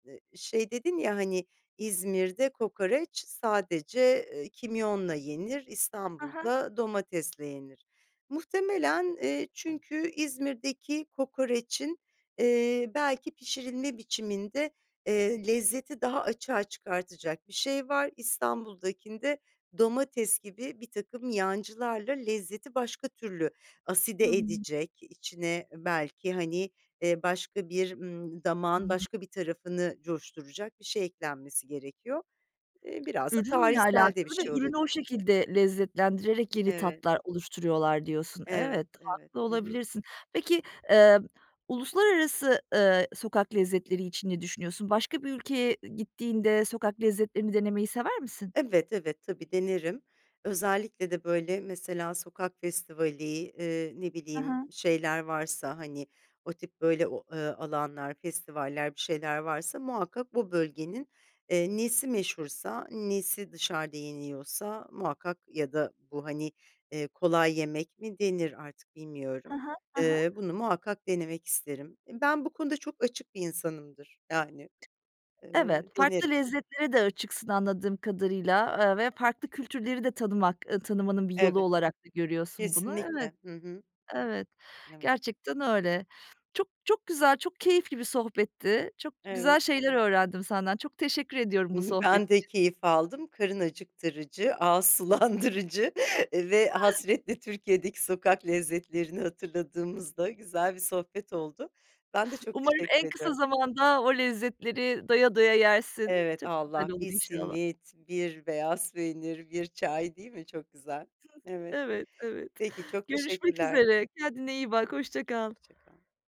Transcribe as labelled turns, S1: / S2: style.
S1: Eee, şey dedin ya, hani, "İzmir'de kokoreç sadece, eee, kimyonla yenir,
S2: Ha ha.
S1: İstanbul'da domatesle yenir." Muhtemelen, eee, çünkü İzmir'deki kokorecin, eee, belki pişirilme biçiminde, eee, lezzeti daha açığa çıkartacak bir şey var. İstanbul'dakinde domates gibi birtakım yancılarla lezzeti başka türlü
S2: Hı
S1: aside
S2: hı.
S1: edecek, içine belki, hani, eee, başka bir, ımm,
S2: Hı
S1: damağın
S2: hı.
S1: başka bir tarafını coşturacak bir şey eklenmesi gerekiyor. Eee, biraz da
S2: Ürünle
S1: tarihsel de bir
S2: alakalı ve
S1: şey
S2: ürünü o
S1: olabilir.
S2: şekilde lezzetlendirerek yeni
S1: Evet.
S2: tatlar oluşturuyorlar diyorsun. Evet,
S1: Evet, evet.
S2: haklı
S1: Hı hı.
S2: olabilirsin. Peki, emm, uluslararası, ııı, sokak lezzetleri için ne düşünüyorsun? Başka bir ülkeye gittiğinde sokak lezzetlerini denemeyi sever misin?
S1: Evet, evet. Tabii, denerim. Özellikle de, böyle, mesela sokak festivali, eee, ne
S2: Ha
S1: bileyim,
S2: ha.
S1: şeyler varsa, hani, o tip böyle o, ııı, alanlar, festivaller, bir şeyler varsa muhakkak bu bölgenin, eee, nesi meşhursa, nesi dışarıda yeniyorsa muhakkak ya da bu, hani, eee, kolay yemek mi denir artık, bilmiyorum.
S2: Ha ha. Ha ha.
S1: Eee, bunu muhakkak denemek isterim. Eee, ben bu konuda çok açık bir insanımdır. Yani,
S2: Evet,
S1: eee,
S2: farklı
S1: denerim.
S2: lezzetlere de açıksın anladığım kadarıyla, eee, ve farklı kültürleri de tanımak ııı, tanımanın bir yolu
S1: Evet.
S2: olarak da görüyorsun bunu, evet.
S1: Kesinlikle. Hı hı.
S2: Evet,
S1: Evet.
S2: gerçekten öyle. Çok çok güzel, çok keyifli bir sohbetti. Çok güzel
S1: Evet.
S2: şeyler öğrendim senden. Çok teşekkür ediyorum
S1: Hı
S2: bu
S1: hı.
S2: sohbet
S1: Ben de
S2: için.
S1: keyif aldım. Karın acıktırıcı, ağız sulandırıcı ve
S2: [unintelligible]
S1: hasretle Türkiye'deki sokak lezzetlerini hatırladığımız da güzel bir sohbet oldu. Ben de çok
S2: Umarım
S1: teşekkür
S2: en kısa
S1: ediyorum.
S2: zamanda o lezzetleri doya doya yersin.
S1: Evet,
S2: Çok güzel
S1: Allah!
S2: olur
S1: Bir
S2: inşallah.
S1: simit, bir beyaz peynir, bir çay, değil mi? Çok güzel. Evet.
S2: Evet, evet.
S1: Peki, çok
S2: Görüşmek
S1: teşekkürler.
S2: üzere kendine iyi bak. Hoşça kal.
S1: Hoşça kal.